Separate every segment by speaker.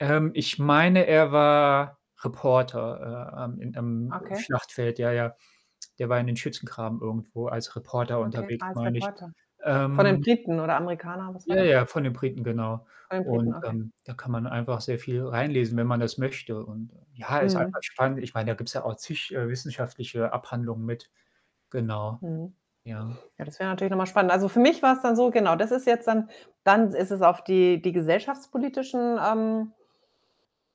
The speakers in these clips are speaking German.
Speaker 1: Ähm, ich meine, er war Reporter, äh, ähm, im, ähm,
Speaker 2: Okay.
Speaker 1: Schlachtfeld. Ja, ja. Der war in den Schützengraben irgendwo als Reporter
Speaker 2: Okay.
Speaker 1: unterwegs,
Speaker 2: Als
Speaker 1: meine ich.
Speaker 2: Reporter. Von den
Speaker 1: Ähm
Speaker 2: Briten oder Amerikaner, was war
Speaker 1: Ja,
Speaker 2: der?
Speaker 1: ja, von den Briten, genau.
Speaker 2: Von den Briten,
Speaker 1: Und,
Speaker 2: okay.
Speaker 1: ähm, da kann man einfach sehr viel reinlesen, wenn man das möchte. Und, ja, ist einfach
Speaker 2: Mhm.
Speaker 1: spannend. Ich meine, da gibt's ja auch zig, äh, wissenschaftliche Abhandlungen mit. Genau.
Speaker 2: Mhm.
Speaker 1: Ja.
Speaker 2: Ja, das wäre natürlich noch mal spannend. Also, für mich war's dann so genau, das ist jetzt dann dann s ist es auf die die gesellschaftspolitischen, ähm,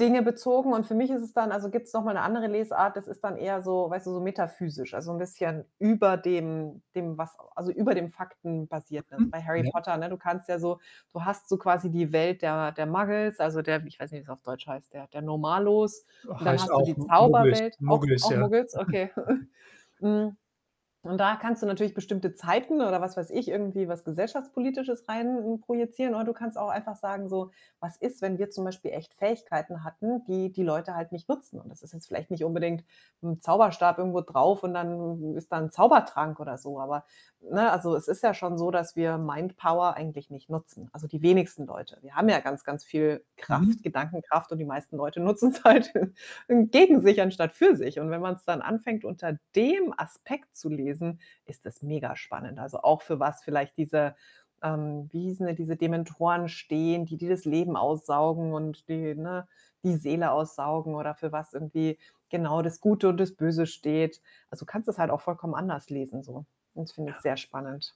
Speaker 2: Dinge bezogen und für mich ist es dann also, gibt's noch mal 'ne andere Lesart, das ist dann eher so weißt du, so metaphysisch. Also, 'n bisschen über dem dem, was also, über dem Faktenbasierten. Also,
Speaker 1: Mhm.
Speaker 2: bei Harry
Speaker 1: Ja.
Speaker 2: Potter ne, du kannst ja so du hast so quasi die Welt der der Muggles, also, der ich weiß nicht, wie's auf Deutsch heißt, der der Normalos. Und dann
Speaker 1: Heißt
Speaker 2: hast du die
Speaker 1: auch M Muggels
Speaker 2: Zauberwelt auch
Speaker 1: Muggels,
Speaker 2: auch
Speaker 1: ja?
Speaker 2: Muggels? Okay. Hm, und da kannst du natürlich bestimmte Zeiten oder was weiß ich, irgendwie was Gesellschaftspolitisches rein projizieren oder du kannst auch einfach sagen so: „Was ist, wenn wir zum Beispiel echt Fähigkeiten hatten, die die Leute halt nicht nutzen?“ Und das ist jetzt vielleicht nicht unbedingt 'n Zauberstab irgendwo drauf und dann ist da 'n Zaubertrank oder so. Aber ne, also, es ist ja schon so, dass wir Mindpower eigentlich nicht nutzen also, die wenigsten Leute. Wir haben ja ganz, ganz viel Kraft,
Speaker 1: Mhm.
Speaker 2: Gedankenkraft und die meisten Leute nutzen's halt gegen sich anstatt für sich und wenn man's dann anfängt, unter dem Aspekt zu lesen, ist das mega spannend. Also, auch für was vielleicht diese ähm, wie hießen denn diese Dementoren stehen, die die das Leben aussaugen und die, ne, die Seele aussaugen oder für was irgendwie, genau, das Gute und das Böse steht. Also, du kannst das halt auch vollkommen anders lesen so und das finde ich
Speaker 1: Ja.
Speaker 2: sehr spannend.